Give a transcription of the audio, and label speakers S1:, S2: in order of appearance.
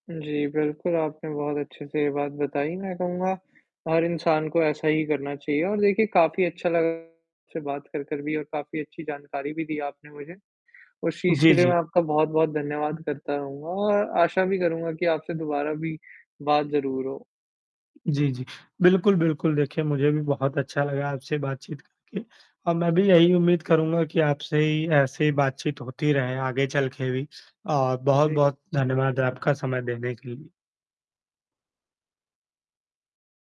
S1: जी, बिल्कुल आपने बहुत अच्छे से ये बात बताई, मैं कहूँगा हर इंसान को ऐसा ही करना चाहिए और देखिए काफ़ी अच्छा लगा आपसे बात कर, कर भी और काफ़ी अच्छी जानकारी भी दी आपने मुझे। उस चीज़
S2: जी,
S1: के लिए
S2: जी।
S1: मैं आपका बहुत-बहुत धन्यवाद करता रहूँगा और आशा भी करूँगा की आपसे दोबारा भी बात ज़रूर हो।
S2: जी, जी, बिल्कुल, बिल्कुल देखिए मुझे भी बहुत अच्छा लगा आपसे बातचीत करके और मैं भी यही उम्मीद करूँगा कि आपसे ही ऐसे ही बातचीत होती रहे, आगे चल के भी। और
S1: जी।
S2: बहुत-बहुत धन्यवाद आपका समय देने के लिए।